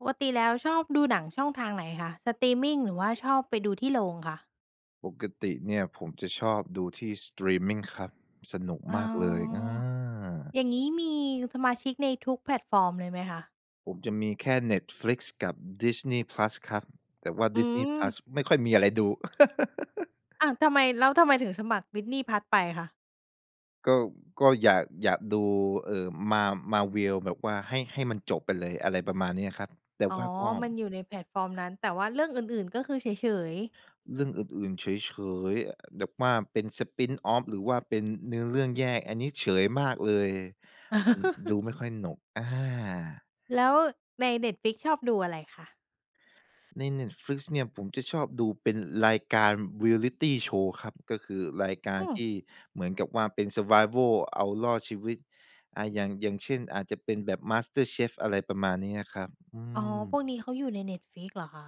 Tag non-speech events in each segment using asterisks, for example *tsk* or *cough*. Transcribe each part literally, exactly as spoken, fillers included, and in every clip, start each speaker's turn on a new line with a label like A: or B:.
A: ปกติแล้วชอบดูหนังช่องทางไหนคะ? สตรีมมิงหรือว่าชอบไปดูที่โรงคะ?
B: ปกติเนี่ยผมจะชอบดูที่สตรีมมิงครับ สนุก
A: อ๋อ
B: มากเลย อา
A: อย่างงี้มีสมาชิกในทุกแพลตฟอร์มเลยไหมคะ?
B: ผมจะมีแค่ Netflix กับ Disney Plus ครับ แต่ว่า
A: อื
B: Disney
A: ม
B: Plus ไม่ค่อยมีอะไรดู *laughs*
A: อ้าว ทำไม แล้วทำไมถึงสมัคร Disney Plus ไปคะ?
B: ก็ ก็อยาก อยากดู เอ่อ Ma Marvel แบบว่าให้ ให้มันจบไปเลย อะไรประมาณเนี้ยครับ แต่
A: อ๋อ
B: ว่ากอ
A: ม
B: ม
A: ันอยู่ในแพลตฟอร์มนั้น แต่ว่าเรื่องอื่น ๆ ก็คือเฉย ๆ
B: เรื่องอื่น ๆ เฉย ๆ แบบว่าเป็น spinoff หรือว่าเป็นเนื้อเรื่องแยก อันนี้เฉยมากเลย มันดู
A: *laughs*
B: ไม่ค่อยสนุก อา
A: แล้วใน Netflix ชอบดูอะไรคะ?
B: ใน Netflix เนี่ย ผมจะชอบดูเป็นรายการ Reality Show ครับ ก็คือรายกา
A: อ
B: ร
A: ื
B: ท
A: อ
B: ี่เหมือนกับว่าเป็น survival เอารอดชีวิต อา อย่าง อย่างเช่น อาจจะเป็นแบบ MasterChef อะไรประมาณนี้อะครับ อื
A: อ๋อ พ
B: ม
A: วกนี้เขาอยู่ใน Netflix เหรอคะ?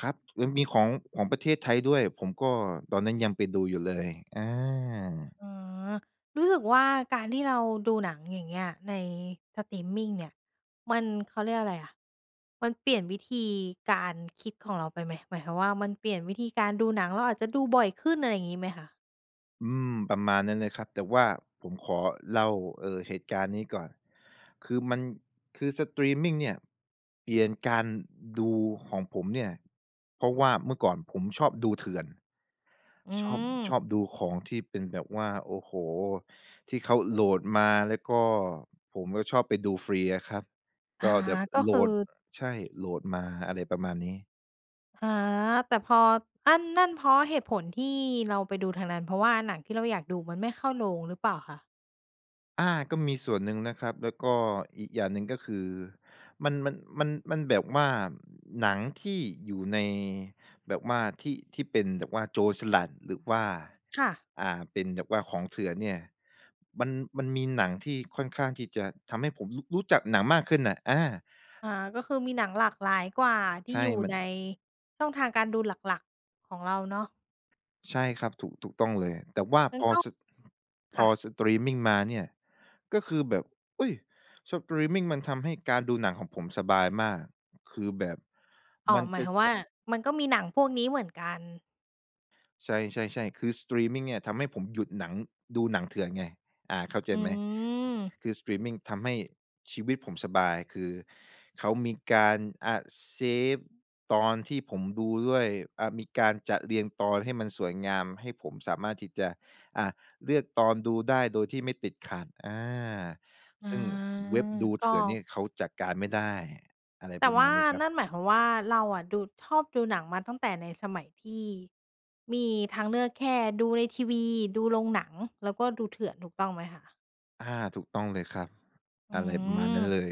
B: ครับ เออ มีของ ของประเทศไทยด้วย ผมก็ ตอนนั้นยังไปดูอยู่เลย อา
A: อ๋อ รู้สึกว่า การที่เราดูหนังอย่างเงี้ย ในสตรีมมิงเนี่ย มัน เขาเรียกว่าอะไรอะ มันเปลี่ยนวิธีการคิดของเราไปไหม? หมายความว่า มันเปลี่ยนวิธีการดูหนัง เราอาจจะดูบ่อยขึ้น อะไรงี้ไหมคะ?
B: อืม ประมาณนั้นเลยครับ แต่ว่าผมขอเล่า เอ่อ เหตุการณ์นี้ก่อน คือมัน คือสตรีมมิงเนี่ย เปลี่ยนการดูของผมเนี่ย เพราะว่าเมื่อก่อนผมชอบดูเถื่อน
A: อื
B: ชอบ ช
A: ม
B: อบดูของที่เป็นแบบว่า โอ้โฮ! ที่เขาโหลดมา แล้วก็ ผมก็ชอบไปดูฟรีอะครับ
A: อา
B: ก็แดบ
A: ก็
B: โหล
A: คือ
B: ด ใช่ โหลดมา อะไรประมาณนี้
A: อา แต่พอ อั้นนั่นเพราะเหตุผลที่เราไปดูทางนั้น เพราะว่าหนังที่เราอยากดูมันไม่เข้าโรงหรือเปล่าคะ?
B: อา ก็มีส่วนหนึ่งนะครับ แล้วก็อีกอย่างหนึ่ง ก็คือมัน มัน มัน มันแบบว่า หนังที่อยู่ใน แบบว่าที่ ที่เป็นแบบว่าโจรสลัด หรือว่า
A: ค่ะ
B: อ่า เป็นแบบว่าของเถื่อนเนี่ย มัน มันมีหนังที่ค่อนข้างที่จะทำให้ผมรุ รู้จักหนังมากขึ้นน่ะ อา
A: อา ก็คือมีหนังหลากหลายกว่าที
B: ใ
A: ่
B: ช่
A: อยู่
B: มั
A: ใ
B: น
A: น ช่องทางการดูหลัก ๆ ของเราเนาะ
B: ใช่ครับ ถูก ถูกต้องเลย แต่ว่า
A: งั้
B: พ
A: น
B: อ
A: ก็
B: สะ พ
A: ค
B: อ
A: ่ะ
B: สตรีมมิงมาเนี่ย ก็คือแบบ อุ๊ย! สตรีมมิงมันทำให้การดูหนังของผมสบายมาก คือแบบ
A: อ๋อ
B: มัน
A: หมา
B: จ
A: ย
B: ะ
A: ความว่า มันก็มีหนังพวกนี้เหมือนกัน
B: ใช่ ๆ ๆ คือ สตรีมมิงเนี่ยทำให้ผมหยุดหนัง ดูหนังเถื่อนไง อา เข้าใจ
A: อื
B: ไหม?
A: ม
B: คือ สตรีมมิงทำให้ชีวิตผมสบาย คือเขามีการ อา save ตอนที่ผมดูด้วย อา มีการจัดเรียงตอนให้มันสวยงาม ให้ผมสามารถที่จะ อ่า เลือกตอนดูได้โดยที่ไม่ติดขัด อา
A: อ๋อ
B: ซึ่งเว็บดู
A: ก
B: เถื่อนเนี
A: ็
B: ่ยเขาจัดการไม่ได้ อะไร
A: แต
B: ป
A: ่
B: ระ
A: ว
B: ม
A: ่
B: า
A: า
B: ณนี้ครั
A: น
B: บ
A: ั่นหมายความว่าเราอะ ดู ชอบดูหนังมาตั้งแต่ในสมัยที่ มีทางเลือกแค่ดูในทีวี ดูโรงหนัง แล้วก็ดูเถื่อน ถูกต้องไหมคะ?
B: อา ถูกต้องเลยครับ
A: อื
B: อะไรประมาณนั้น
A: ม
B: เลย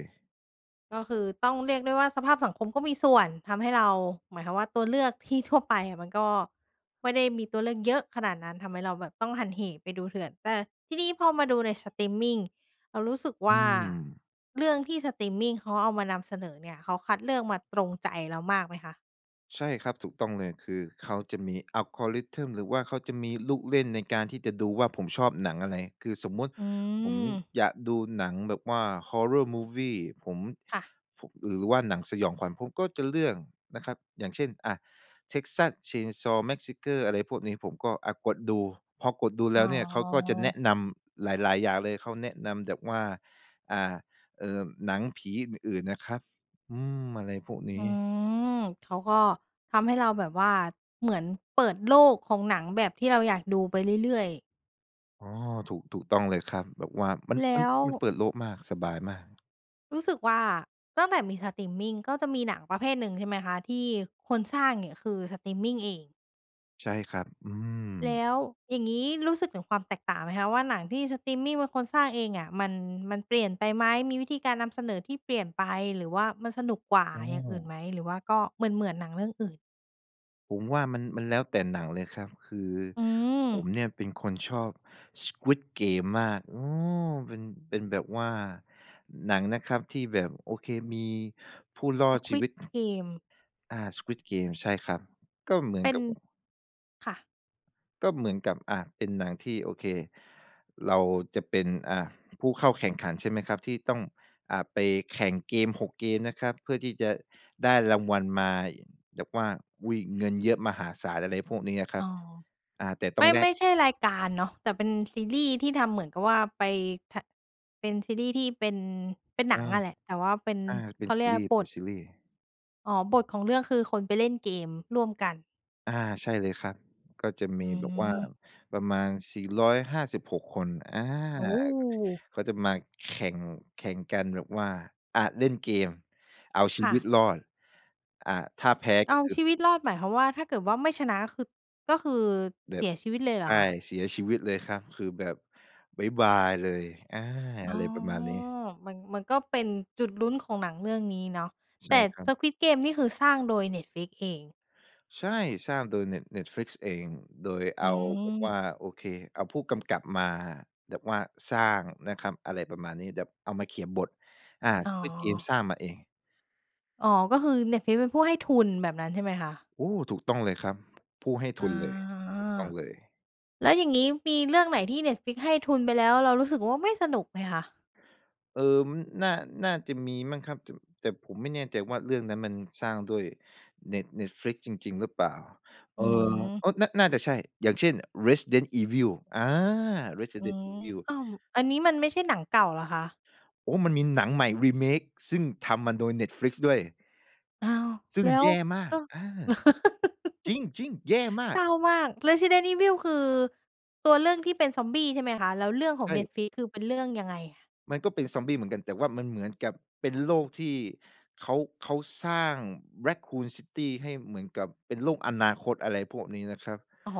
A: ก็คือต้องเรียกได้ว่าสภาพสังคมก็มีส่วน ทำให้เรา หมายความว่าตัวเลือกที่ทั่วไปอะ มันก็ไม่ได้มีตัวเลือกเยอะขนาดนั้น ทำให้เราแบบต้องหันเหไปดูเถื่อน แต่ที่นี่พอมาดูในสตรีมมิง เรารู้สึกว
B: อื
A: ่า
B: ม
A: เรื่องที่สตรีมมิงเขาเอามานำเสนอเนี่ย เขาคัดเลือกมาตรงใจเรามากไหมคะ?
B: ใช่ครับ ถูกต้องเลย คือเขาจะมี algorithm หรือว่าเขาจะมีลูกเล่นในการที่จะดูว่าผมชอบหนังอะไร คือสมมุติ
A: อื
B: ผม
A: ม
B: อยากดูหนังแบบว่า Horror movie ผม
A: ค่ะ
B: ผ หรือว่าหนังสยองขวัญ ผมก็จะเลือกนะครับ อย่างเช่น อา Texas Chainsaw Massacre อะไรพวกนี้ ผมก็ อา กดดู พอกดดูแ
A: อ
B: ล
A: ๋
B: ้วเนี่ย เขาก็จะแน
A: อ
B: ะนำหลาย ๆ อย่างเลย เขาแนะนำแบบว่า อ่า เอ่อ หนังผีอื่น ๆ อะครับ อืม อะไรพวกน
A: อ
B: ี
A: ื
B: ้
A: ม เขาก็ทำให้เราแบบว่าเหมือนเปิดโลกของหนังแบบที่เราอยากดูไปเรื่อย ๆ
B: อ๋อ ถูก ถูกต้องเลยครับ แบบว่ามัน
A: แล
B: มั
A: ้
B: น
A: ว
B: มันเปิดโลกมาก สบายมาก
A: รู้สึกว่า ตั้งแต่มีสตรีมมิงก็จะมีหนังประเภทหนึ่ง ใช่ไหมคะ? ที่คนสร้างเนี่ยคือ สตรีมมิงเอง
B: ใช่ครับ อืม
A: แล้ว อย่างงี้รู้สึกถึงความแตกต่างไหมคะว่า หนังที่สตรีมมิงเป็นคนสร้างเองอะ มัน มันเปลี่ยนไปไหม? มีวิธีการนำเสนอที่เปลี่ยนไป หรือว่ามันสนุกกว่า
B: อ้
A: อย่างอื่นไห
B: อ
A: ม? หรือว่าก็เหมือน ๆ หนังเรื่องอื่น?
B: ผมว่ามัน มันแล้วแต่หนังเลยครับ คือ
A: อื
B: ผ
A: ม
B: มเนี่ยเป็นคนชอบ Squid Game มาก อืม เป็น เป็นแบบว่าหนังนะครับ ที่แบบ โอเค มีผู้รอดชีว
A: Squid
B: ิต
A: Game
B: อา Squid Game ใช่ครับ ก็เหมื
A: เ
B: อน
A: ป็น
B: กับ
A: ค่ะ
B: ก็เหมือนกับ อา เป็นหนังที่ โอเค เราจะเป็น อา ผู้เข้าแข่งขัน ใช่ไหมครับ ที่ต้อง อ่า ไปแข่งเกม หก เกมนะครับ เพื่อที่จะได้รางวัลมา แบบว่า อุ๊ย! เงินเยอะมหาศาล อะไรพวกนี้อะคร
A: อ
B: ับ
A: ๋อ
B: อ่า แต่ต
A: ไ
B: ้
A: ม
B: อ
A: ่
B: งแล
A: ไม
B: ก
A: ่ใช่รายการเนาะ แต่เป็นซีรีส์ที่ทำเหมือนกับว่าไปทะ เป็นซีรีส์ที่เป็น เป็น
B: อื
A: หนัง
B: ม
A: อะแหละ แต่ว่าเป็น
B: อา เป
A: เ
B: ็
A: ข
B: น
A: าเ
B: ซ
A: ร
B: ี
A: ียก
B: ร
A: ว
B: ี
A: ่า
B: ส์
A: บ
B: เป็น
A: ท
B: ซีรีส์
A: อ๋อ บทของเรื่องคือ คนไปเล่นเกมร่วมกัน
B: อา ใช่เลยครับ ก็จะ
A: อ
B: ม
A: ื
B: ีแบบว่า
A: ม
B: ประมาณ สี่ร้อยห้าสิบหก คน อา
A: โอ้!
B: เขาจะมาแข่ง แข่งกันแบบว่า อา เล่นเกม เอาชี
A: ค่
B: วิต
A: ะ
B: รอด อ่า ถ้าแพ้
A: เอ
B: ก็
A: า
B: คือ
A: ชีวิตรอด หมายความว่า ถ้าเกิดว่าไม่ชนะคือ ก็คือ
B: แบ
A: เส
B: บ
A: ียชีวิตเลยเหร
B: ใช
A: อ
B: ่
A: คะ?
B: เสียชีวิตเลยครับ คือแบบ บ๊ายบายเลย อา
A: อ
B: อ
A: ๋
B: ะ
A: อ!
B: ไรประมาณนี้
A: มัน มันก็เป็นจุดลุ้นของหนังเรื่องนี้เนาะ
B: ใช
A: แต
B: ่
A: ่
B: ครับ
A: Squid Game นี่คือสร้างโดย Netflix เอง
B: ใช่ สร้างโดย Net Netflix เอง โดยเ
A: อ
B: อ
A: ื
B: าแบบว
A: ม
B: ่า โอเค เอาผู้กำกับมาแบบว่าสร้างนะครับ อะไรประมาณนี้ แบบเอามาเขียนบท อา
A: อ๋อ
B: Squid Game สร้างมาเอง
A: อ๋อ ก็คือ Netflix เป็นผู้ให้ทุน แบบนั้นใช่ไหมคะ?
B: โอ้! ถูกต้องเลยครับ ผู้ให้ท
A: อ
B: ุ
A: า
B: นเลย ถูกต้องเลย
A: แล้วอย่างงี้มีเรื่องไหนที่ Netflix ให้ทุนไปแล้ว เรารู้สึกว่าไม่สนุกไหมคะ?
B: เอิ่ม น่า น่าจะมีมั้งครับ แต่ แต่ผมไม่แน่ใจว่าเรื่องนั้นมันสร้างด้วย Net Netflix จริง ๆ หรือเปล่า
A: อ
B: เ
A: ื
B: อ่อ
A: ม
B: โอ้! น่า น่าจะใช่ อย่างเช่น Resident Evil อา
A: อื
B: Resident
A: ม
B: Evil
A: อ้าว อันนี้มันไม่ใช่หนังเก่าเหรอคะ?
B: โอ้ มันมีหนังใหม่ remake ซึ่งทำมาโดย Netflix ด้วย
A: อ้าว
B: ซึ่
A: แ
B: ง
A: ล้
B: แ
A: ว
B: ย่มา
A: ก
B: ก
A: ็
B: อา
A: *laughs*
B: จริง ๆ แย่มา
A: เศ
B: ก!
A: ร้ามาก Resident Evil คือตัวเรื่องที่เป็น Zombie ใช่ไหมคะ? แล้วเรื่องขอ
B: ใช
A: ง
B: ่
A: Netflix คือเป็นเรื่องยังไง?
B: มันก็เป็นซอมบี้เหมือนกัน แต่ว่ามันเหมือนกับเป็นโลกที่เขา เขาสร้าง Raccoon City ให้เหมือนกับเป็นโลกอนาคต อะไรพวกนี้นะครับ
A: อ๋อ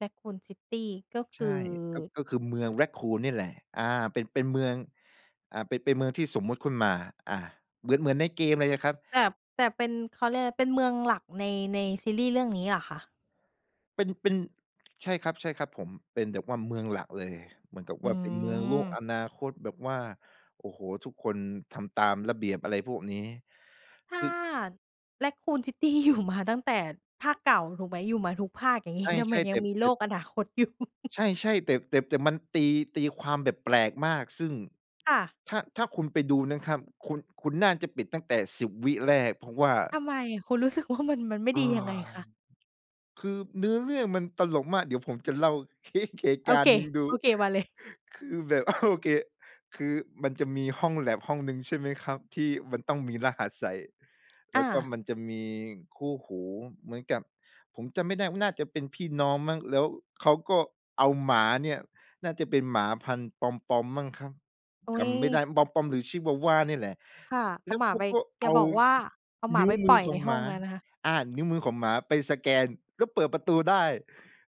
A: Raccoon City ก็ค
B: ใช
A: ือ
B: ่ ก็ ก็คือเมือง Raccoon นี่แหละ อา เป็น เป็นเมือง อ่า เป็น เป็นเมืองที่สมมุติขุ่น มา อา เหมือน เหมือนในเกมเลยยังครับ
A: แต่ แต่เป็น เขาเรียกอะไร เป็นเมืองหลักใน ในซีรีส์เรื่องนี้เหรอคะ?
B: เป็น เป็น ใช่ครับ ใช่ครับผม เป็นแบบว่าเมืองหลักเลย เหมือนกับ
A: อื
B: ว่าเป็นเมืองโลก
A: ม
B: อนาคตแบบว่า โอ้โฮ ทุกคนทำตามระเบียบอะไรพวกนี้
A: ถ
B: ค
A: ้
B: ื
A: า
B: อ
A: Raccoon City อยู่มาตั้งแต่ภาคเก่าถูกไหม? อยู่มาทุกภาค อย่าง
B: ใ
A: ง
B: ช
A: ี้ทำไม
B: ่ ๆ แ
A: ย
B: ต
A: ัง
B: ๊บ
A: มี
B: แ
A: โ
B: ต
A: ล
B: ๊ด
A: กอนาคต *chuckles* อยู่?
B: ใช่ ๆ แต่ แต่ แต่มันตี ตีความแบบแปลกมาก ซึ่ง
A: ค่ะ
B: ถ้า ถ้าคุณไปดูนะครับ คุณ คุณน่าจะปิดตั้งแต่ สิบ วิแรก เพราะว่า
A: ทำไม? คุณรู้สึกว่ามัน มันไม่
B: *sighs* เออ
A: ดียังไงคะ?
B: คือเนื้อเรื่องมันตลกมาก เดี๋ยวผมจะเล่า *chuckles* เค้ก เหตุ
A: โอ
B: การ
A: เ
B: ณ
A: ค
B: ์หนึ่งดู
A: ๆ มาเลย
B: คือแบบ *chuckles* โอเค คือมันจะมีห้องแล็บห้องหนึ่ง ใช่ไหมครับ ที่มันต้องมีรหัสใส่ แล
A: อ
B: ้วก็
A: า
B: มันจะมีคู่หูเหมือนกับ ผมจำไม่ได้ ว น่าจะเป็นพี่น้องมั้ง แล้วเขาก็เอาหมาเนี่ย น่าจะเป็นหมาพันธุ์ปอมปอมมั้งครับ
A: อ
B: จ
A: ุ๊
B: ำไม่ได
A: ย
B: ้ ปอมปอมหรือชิวาวานี่แหละ
A: ค่ะ เ
B: แ
A: อ
B: ล้
A: า
B: ว
A: หมา
B: เข
A: ไ
B: า
A: ป
B: ก็
A: อย
B: เอ
A: ่า
B: า
A: บอกว่า เอาหม
B: น
A: า
B: ิ้
A: ไ
B: ว
A: ป
B: ม
A: ป
B: ื
A: ล
B: อ
A: ่อย
B: ข
A: ใ
B: อ
A: น
B: ง
A: ห
B: ห
A: ้
B: ม
A: อง
B: า
A: แล้วนะคะ
B: อา นิ้วมือของหมาไปสแกนแล้วเปิดประตูได้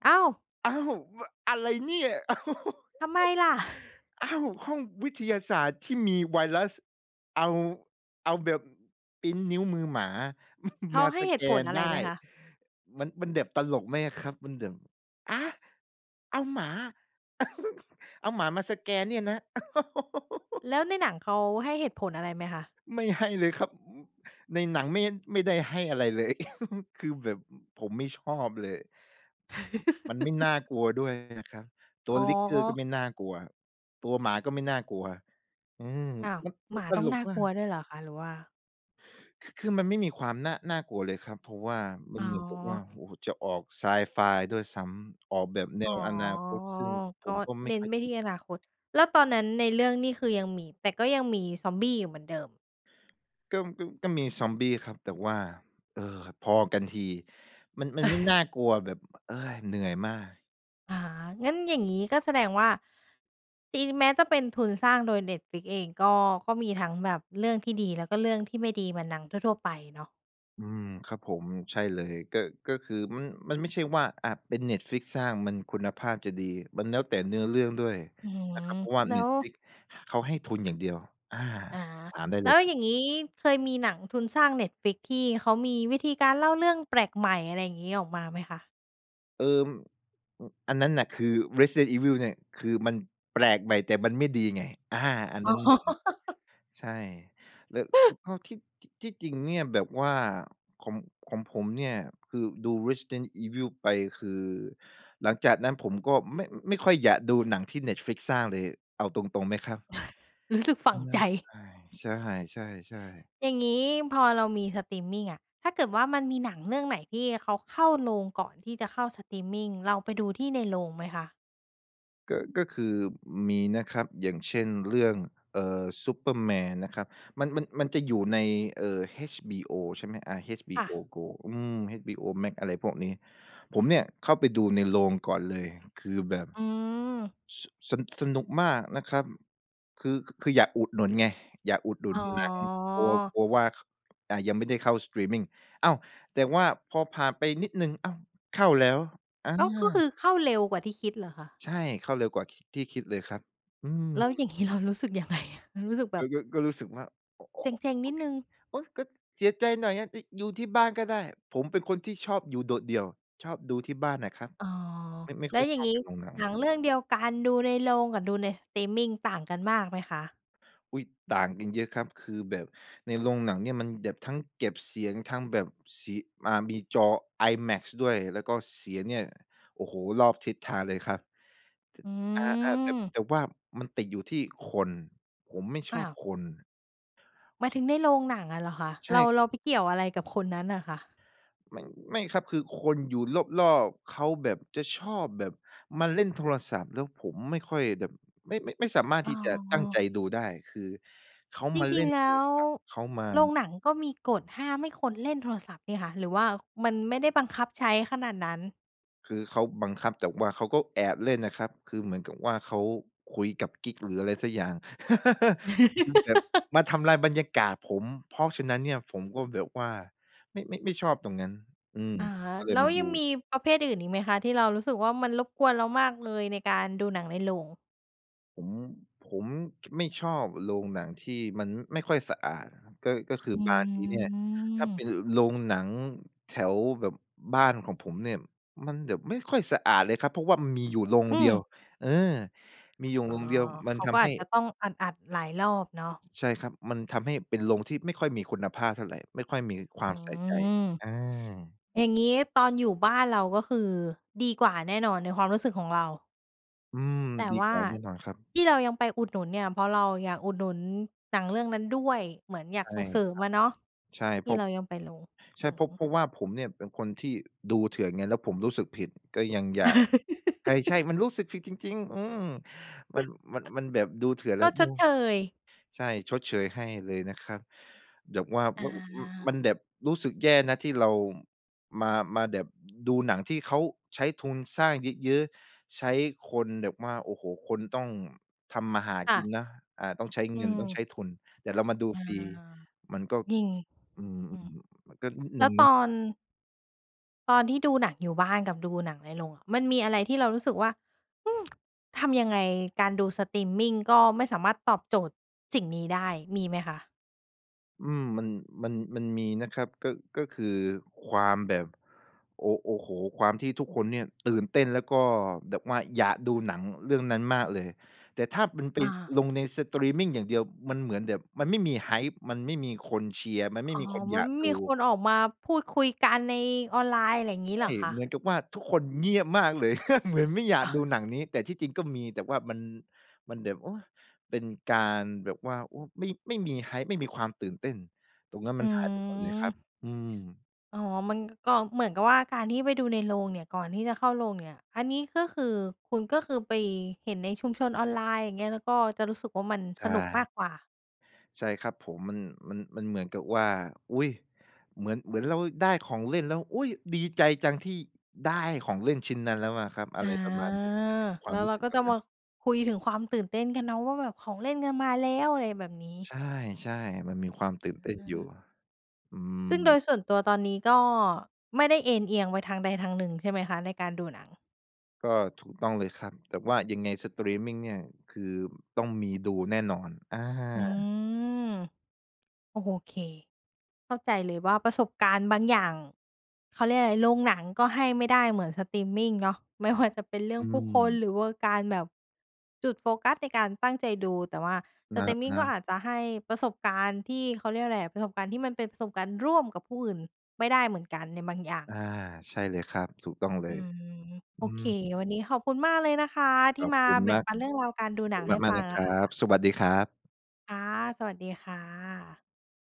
A: อ้าว!
B: อ้าว! มะ อะไรเนี่ย! *laughs*
A: ทำไมล่ะ? *chuckles*
B: อ้าว อ้าว! ห้องวิทยาศาสตร์ที่มีไวรัส เอา เอาแบบพรินต์นิ้วมือหมา
A: เ
B: *chuckles*
A: ข
B: ม
A: า
B: า
A: ให้
B: ส
A: เห
B: แ
A: ต
B: ก
A: ุผล
B: น
A: อะไ
B: ไ
A: ร
B: ด
A: ไห
B: ้
A: มคะ?
B: มัน มันแดบ ตลกไหมอะครับ มันแดบ อา! เอาหมา *chuckles* เอาหมามาสแกนเนี่ยนะ *laughs*
A: แล้วในหนังเขาให้เหตุผลอะไรไหมคะ?
B: ไม่ให้เลยครับ ในหนังไม่ ไม่ได้ให้อะไรเลย *chuckles* คือแบบผมไม่ชอบเลย มันไม่น่
A: *laughs*
B: ากลัวด้วยนะครับ ตั
A: อ
B: ว
A: ๋อ
B: Licker ก็ไม่น่ากลัว ตัวหมาก็ไม่น่ากลัว อืม
A: อ้าว
B: มัน
A: ห
B: มั
A: ม
B: น
A: า
B: ต
A: ต้อง
B: ล
A: น
B: ก
A: ่า
B: ม
A: ก
B: า
A: ลั
B: ก
A: วด้วยเหรอคะ? หรือว่า
B: ค คือมันไม่มีความน่า น่ากลัวเลยครับ เพราะว่ามั
A: อ๋
B: นเหมือนกับว่า
A: อ
B: โอ้โฮ จะออกไซไฟด้วยซ้ำ ออกแบบแน
A: อ๋อ
B: วอนาคต ซึ่งผ
A: ก็
B: มก็ไม
A: เ
B: ่
A: น้น
B: ค่อย
A: ไป
B: อ
A: ท
B: ิ
A: ี่
B: น
A: อนาคต แล้วตอนนั้นในเรื่องนี่คือยังมี แต่ก็ยังมีซอมบี้อยู่เหมือนเดิม
B: ก็ ก็ ก็มีซอมบี้ครับแต่ว่า เออ พอกันที มัน มันไม่น่
A: *chuckles*
B: ากลัวแบบ เฮ้ย เหนื่อยมาก
A: อ๋อ งั้นอย่างนี้ก็แสดงว่า ที่แม้จะเป็นทุนสร้างโดย Netflix เองก็ ก็มีทั้งแบบเรื่องที่ดี แล้วก็เรื่องที่ไม่ดีเหมือนหนังทั่ว ๆ ไปเนาะ
B: อืม ครับผม ใช่เลย ก็ ก็คือมัน มันไม่ใช่ว่า อะ เป็น Netflix สร้างมันคุณภาพจะดี มันแล้วแต่เนื้อเรื่องด้วย
A: อื
B: น
A: ม
B: ะครับ เพราะว่า
A: แล้ว
B: Netflix เขาให้ทุนอย่างเดียว อา
A: อา
B: ถามได้
A: แ
B: เ
A: ล
B: ล
A: ้
B: ยครับ
A: วอย่างงี้เคยมีหนังทุนสร้าง Netflix ที่เขามีวิธีการเล่าเรื่องแปลกใหม่ อะไรอย่างงี้ ออกมาไหมคะ?
B: เออ อ อันนั้นน่ะคือ Resident Evil เนี่ย คือมันแปลกใหม่ แต่มันไม่ดีไง อา อัน
A: อ๋
B: นั
A: อ
B: ้นหนึ่ง
A: *laughs*
B: ใช่ แล้ว
A: *chuckles*
B: ก็ที่ ที่จริงเนี่ยแบบว่า ของ ของผมเนี่ยคือดู Resident Evil ไปคือ หลังจากนั้นผมก็ไม่ ไม่ค่อยอยากดูหนังที่ Netflix สร้างเลย เอาตรง ๆ ไหมครับ
A: *sighs* รู้สึกฝังใจ
B: *sighs* ใช่ ๆ ๆ
A: อย่างงี้พอเรามีสตรีมมิงอะ ถ้าเกิดว่ามันมีหนังเรื่องไหน ที่เขาเข้าโรงก่อนที่จะเข้าสตรีมมิง เราไปดูที่ในโรงไหมคะ?
B: ก็ ก็คือมีนะครับ อย่างเช่น เรื่อง เอ่อ ซูเปอร์แมนนะครับ มัน มัน มันจะอยู่ใน เอ่อ HBO ใช่ไหม อา
A: ค่
B: HBO
A: ะ
B: Go อืม HBO Max อะไรพวกนี้ ผมเนี่ยเข้าไปดูในโรงก่อนเลย คือแบบ
A: อืม
B: ส สะ สนุกมากนะครับ คือ ค คืออยากอุดหนุนไง อยากอุดหนุ
A: อ
B: น
A: ๋อ
B: หนัง กลัว กลัวว่า ข อ่า ยังไม่ได้เข้า สตรีมมิง อ้าว! แต่ว่าพอผ่านไปนิดหนึ่ง อ้าว! เข้าแล้ว อ
A: อ้าว ก็ค
B: า
A: ือเข้าเร็วกว่าที่คิดเหรอคะ?
B: ใช่ เข้าเร็วกว่า ค ที่คิดเลยครับ อืม
A: แล้วอย่าง งี้เรารู้สึกยังไงอะ? มันรู้สึกแบ
B: ก็
A: บ
B: ก็ ก็รู้สึกว่า โอ โอ
A: เ
B: โอะ
A: จ็ง ๆ
B: โ
A: น
B: อ
A: ิด
B: เค
A: หนึ่ง
B: โอ๊ย! ก็เสียใจหน่อยอะ ได้ ยู ที่บ้านก็ได้ ผมเป็นคนที่ชอบอยู่โดดเดี่ยว ชอบดูที่บ้านน่ะครับ
A: อ๋อ
B: ไม่ ไม่
A: แล
B: ค
A: ้
B: ่อ
A: ว
B: ย
A: อย่
B: ช
A: าง
B: อบ
A: งี้
B: เป็นโรงหนั
A: หนั
B: ง
A: งเรื่องเดียวกัน ดูในโรงกับดูใน สตรีมมิง ต่างกันมากไหมคะ?
B: อุ๊ย! ต่างกันเยอะครับ คือแบบในโรงหนังเนี่ย มันแดบ ทั้งเก็บเสียง ทั้งแบบสี อ่า มีจอ IMAX ด้วย แล้วก็เสียงเนี่ย โอ้โฮ รอบทิศทางเลยครับ
A: อื
B: จะ อา ๆ แต่บ
A: ม
B: แต่ว่ามันติดอยู่ที่คน ผมไม่ช
A: อ้
B: อ
A: า
B: บ
A: ว
B: คน
A: หมายถึงในโรงหนังอะเหรอคะ?
B: ใช
A: เ
B: ่
A: รา
B: ค
A: เร
B: รับ
A: าไปเกี่ยวอะไรกับคนนั้นน่ะคะ?
B: มัน ไม่ครับ คือคนอยู่รอบ ๆ เขาแบบจะชอบแบบมาเล่นโทรศัพท์ แล้วผมไม่ค่อยแดบ ไม่ ไม่ ไม่สามารถ
A: อ๋
B: ท
A: อ
B: ี่จะตั้งใจดูได้ คือ เขา
A: จ
B: มาเ
A: ริ
B: ล่
A: ง
B: น
A: ๆ แล
B: โท
A: ้
B: ร
A: ว
B: ศัพท์ เขาม
A: โรง
B: า
A: หนังก็มีกฎห้ามให้คนเล่นโทรศัพท์นี่คะ หรือว่ามันไม่ได้บังคับใช้ขนาดนั้น
B: คือเขาบังคับ แต่ว่าเขาก็แอบเล่นนะครับ คือเหมือนกับว่าเขาคุยกับกิ๊กหรืออะไรสักอย่าง *laughs* คือแบบ
A: *laughs*
B: มาทำลายบรรยากาศผม เพราะฉะนั้นเนี่ย ผมก็แบบว่าไม่ ไม่ ไม่ชอบตรงนั้น อืม
A: อะฮะ
B: ก็เล
A: แล
B: ย
A: ้ว
B: มาด
A: ยังม
B: ู
A: ีประเภทอื่นอีกไหมคะ? ที่เรารู้สึกว่า มันรบกวนเรามากเลยในการดูหนังในโรง
B: ผม ผม *tsk* ไม่ชอบโรงหนังที่มันไม่ค่อยสะอาดอะครับ ก็ ก็คือ
A: อื
B: บางทีเนี่ย ถ้าเป
A: ม
B: ็นโรงหนังแถวแบบบ้านของผมเนี่ย มันแบบไม่ค่อยสะอาดเลยครับ เพราะว่ามันมีอยู่โรง
A: อื
B: เดียว
A: อ
B: เออ มีอยู่
A: อ๋อ
B: โรงเดียว มั
A: เข
B: น
A: า
B: ท
A: ก็
B: ำใ
A: อ
B: ห้
A: าจจะต้องอัด ๆ หลายรอบเนาะ
B: ใช่ครับ มันทำให้เป็นโรงที่ไม่ค่อยมีคุณภาพเท่าไร ไม่ค่อยมีควา
A: อื
B: มใส่ใจ
A: ม
B: อา
A: อย่างงี้ตอนอยู่บ้านเรา ก็คือดีกว่าแน่นอนในความรู้สึกของเรา
B: อืม
A: แต่
B: ดี
A: ว่
B: ก
A: า
B: ว่าแน่นอนครับ
A: ที่เรายังไปอุดหนุนเนี่ย เพราะเราอยากอุดหนุนหนังเรื่องนั้นด้วย เหมือนอยา
B: ใ
A: ก
B: ช
A: ส
B: ่
A: ่งเสริม
B: ครั
A: อะเนาะ
B: บ ใช่
A: ท
B: เพ
A: ี
B: ร
A: ่
B: าะ
A: เรายังไปโรง
B: ใช่
A: อื
B: เพราะ เพ
A: อ
B: ราะว่าผมเนี่ย เป็นคนที่ดูเถื่อนไง แล้วผมรู้สึกผิด ก็ยังอยาก ใช่
A: *laughs*
B: ๆ มันรู้สึกผิดจริง ๆ อืม มัน
A: *chuckles*
B: มัน มันแบบดูเถื่อนแล
A: ก
B: ้
A: ็
B: ว อ
A: ช
B: ื
A: ด
B: ม
A: เชย
B: ใช่ ชดเชยให้เลยนะครับ แบบว่า
A: อ
B: ม ม ม
A: า
B: ันแบบรู้สึกแย่นะ ที่เรามา มาแบบดูหนังที่เขาใช้ทุนสร้างเยอะ ๆ ใช้คนแบบว่า โอ้โฮ! คนต้องทำมาหา
A: ค่
B: กิ
A: ะ
B: นนะ อ่า ต้องใช้
A: อื
B: เงิน ต้อง
A: ม
B: ใช้ทุน แต่เรามาดู
A: อา
B: ฟรี มันก็
A: ยิง
B: อือ
A: อือ
B: ๆ มันก็นิด
A: แ
B: น
A: ล
B: ึ
A: ้
B: ง
A: ว
B: น
A: ต
B: ะ
A: อน ตอนที่ดูหนังอยู่บ้านกับดูหนังในโรงอะ มันมีอะไรที่เรารู้สึกว่า อือ *tsk* ทำยังไง การดูสตรีมมิงก็ไม่สามารถตอบโจทย์สิ่งนี้ได้ มีไหมคะ?
B: อืม มัน มัน มันมีนะครับ ก็ ก็คือความแบบ โอ้ โอ้โฮ ความที่ทุกคนเนี่ยตื่นเต้น แล้วก็แบบว่าอยากดูหนังเรื่องนั้นมากเลย แต่ถ้ามันไป
A: อา
B: ลงในสตรีมมิงอย่างเดียว มันเหมือนแบบ มันไม่มี Hype มันไม่มีคนเชียร์ มันไม
A: อ
B: ่
A: ๋อ
B: มีคน
A: ม
B: อย
A: ัน
B: า
A: ไ
B: ก
A: ม่
B: ดู
A: มีคนออกมาพูดคุยกันในออนไลน์ ไรงี้
B: ใช
A: เ
B: ่
A: หรอคะ?
B: เหมือนกับว่าทุกคนเงียบมากเลย *laughs* เหมือนไม่อยา
A: อ
B: ก
A: า
B: ดูหนังนี้ แต่ที่จริงก็มี แต่ว่ามัน มันแบบ โอ๊ย เป็นการแบบว่า โอ้ ไม่ ไม่มี Hype ไม่มีความตื่นเต้น ตรงนั้นม
A: อ
B: ั
A: ื
B: นหายไปหมดเลยครับ
A: ม
B: อืม
A: อ๋อ มันก็เหมือนกับว่าการที่ไปดูในโรงเนี่ย ก่อนที่จะเข้าโรงอย่างเนี่ย อันนี้ก็คือ คุณก็คือไปเห็นในชุมชนออนไลน์ อย่างเงี้ย แล้วก็จะรู้สึกว่ามัน
B: ใช
A: สนุกม
B: ่
A: ากกว่า
B: ใช่ครับผม มัน มัน มันเหมือนกับว่า อุ๊ย เหมือน เหมือนเราได้ของเล่นแล้ว อุ๊ย! ดีใจจังที่ได้ของเล่นชิ้นนั้นแล้วอะครับ อ
A: อ
B: ะไ
A: า
B: รประมาณนี้ แต่จะมีคว
A: แ
B: า
A: ล
B: ม
A: ้ว
B: รู
A: เ
B: ้
A: รา
B: สึก
A: ก็
B: แบ
A: จะ
B: บน
A: ม
B: ั้น
A: าคุยถึงความตื่นเต้นกันเนาะ ว่าแบบของเล่นกันมาแล้ว อะไรแบบนี้
B: ใช่ ใช่ มันมีความตื่
A: อ
B: นเต้นอยู่
A: า
B: อื
A: ซึ่งโด
B: ม
A: ยส่วนตัวตอนนี้ก็ไม่ได้เอนเอียงไปทางใดทางหนึ่งใช่ไหมคะ ในการดูหนัง?
B: ก็ถูกต้องเลยครับ แต่ว่ายังไงสตรีมมิงเนี่ย คือต้องมีดูแน่นอน อา
A: อืม โอเค เข้าใจเลยว่าประสบการณ์บางอย่าง เขาเรียกอะไร โรงหนังก็ให้ไม่ได้เหมือนสตรีมมิงเนาะ ไม่ว่า จะเป็นเรื่
B: อ
A: อ
B: ื
A: งผู้คน
B: ม
A: หรือว่าการแบบจุดโฟกัสในการตั้งใจดู แต่ว่าส
B: นะ
A: ตรีมมิง
B: น
A: ก็
B: ะ
A: อาจจะให้ประสบการณ์ที่ เขาเรียกว่าอะไรอะ ประสบการณ์ที่มันเป็นประสบการณ์ร่วมกับผู้อื่นไม่ได้เหมือนกันในบางอย่าง
B: อา ใช่เลยครับ ถูกต้องเล
A: อื
B: ย
A: ม โ
B: อ
A: อ
B: ื
A: เค
B: ม
A: วันนี้ขอบคุณมากเลยนะคะที
B: ข
A: ่
B: อบ
A: มา
B: คุณ
A: แบ่
B: ม
A: ง
B: าก
A: ปันเรื่องราวการดู
B: ขอบ
A: หน
B: ค
A: ั
B: ุ
A: ง
B: ณ
A: ให้
B: มา
A: ฟ
B: ก
A: ั
B: ๆ น
A: ง
B: ะค
A: อะ
B: รั
A: ค่
B: บ
A: ะ
B: สวัสดีครับ
A: ค่ะ สวัสดีค่ะ